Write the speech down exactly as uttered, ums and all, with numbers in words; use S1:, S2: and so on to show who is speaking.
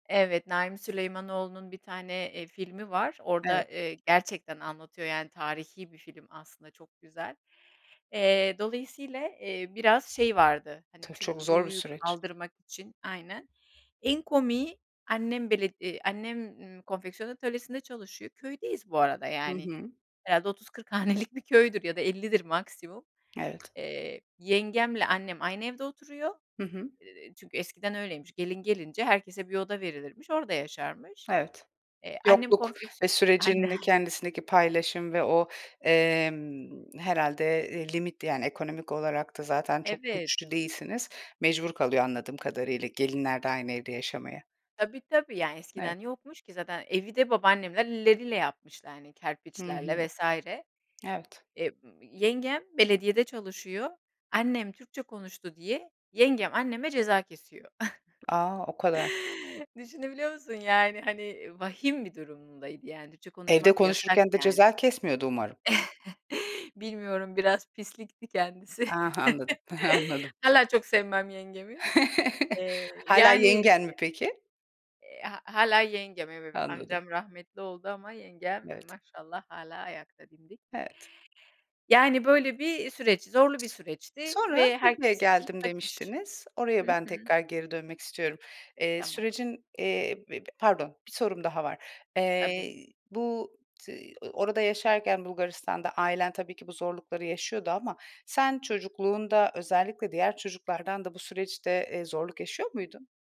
S1: Evet, Naim Süleymanoğlu'nun bir tane, eee, filmi var. Orada,
S2: Evet.
S1: eee, gerçekten anlatıyor, yani, tarihi bir film aslında çok güzel. Eee, dolayısıyla, eee, biraz şey vardı, hani,
S2: Tabii, çok zor bir
S1: Türklüğü
S2: süreç.
S1: kaldırmak için Aynen. En komiği annem bele iii, annem, iii, konfeksiyon atölyesinde çalışıyor. Köydeyiz bu arada,
S2: Hı
S1: yani.
S2: hı.
S1: Herhâlde otuz kırk hanelik bir köydür ya da ellidir maksimum.
S2: Evet.
S1: Eee, yengemle annem aynı evde oturuyor.
S2: Hı hı.
S1: Eee, çünkü eskiden öyleymiş. Gelin gelince herkese bir oda verilirmiş. Orada yaşarmış.
S2: Evet.
S1: Eee, annem
S2: Yokluk ve
S1: konfeksiyon Aynen.
S2: sürecin de kendisindeki paylaşım ve o, emm, herhâlde, eee, limitli, yani, ekonomik olarak da zaten çok
S1: Evet.
S2: güçlü değilsiniz. Mecbur kalıyor, anladığım kadarıyla, gelinler de aynı evde yaşamaya.
S1: Tabii, tabii. Ya,
S2: Evet.
S1: eskiden yokmuş ki zaten evi de babaannemler elleriyle yapmışlar, hani,
S2: Hı hı.
S1: kerpiçlerle vs.
S2: Evet.
S1: Eee, yengem belediyede çalışıyor, annem Türkçe konuştu diye yengem anneme ceza kesiyor.
S2: A! O kadar.
S1: Düşünebiliyor musun, yani, hani, vahim bir durumdaydı, yani, Türkçe
S2: Evde
S1: konuşmak yasak,
S2: konuşurken de
S1: yani.
S2: ceza kesmiyordu umarım.
S1: Bilmiyorum biraz pislikti kendisi.
S2: Ah, anladım, anladım.
S1: Hâlâ çok sevmem yengemi, eee,
S2: Hâlâ
S1: yani,
S2: yengen mi
S1: eee
S2: peki?
S1: eee hâ hâlâ yengem evet
S2: Anladım.
S1: amcam rahmetli oldu ama yengem,
S2: Evet.
S1: maşallah hâlâ ayakta dimdik.
S2: Evet.
S1: Yani böyle bir süreç, zorlu bir süreçti
S2: Sonra
S1: ve
S2: Türkiye'ye
S1: herkes için
S2: geldim
S1: kaçış.
S2: demiştiniz. Oraya
S1: Hı
S2: ben
S1: hı.
S2: tekrar geri dönmek istiyorum. Eee,
S1: Tamam.
S2: sürecin, eee, b b pardon bir sorum daha var.
S1: Tabii.
S2: Eee, bu, t eee, orada yaşarken Bulgaristan'da ailen tabii ki bu zorlukları yaşıyordu ama sen çocukluğunda, özellikle diğer çocuklardan da bu süreçte, eee, zorluk yaşıyor muydun?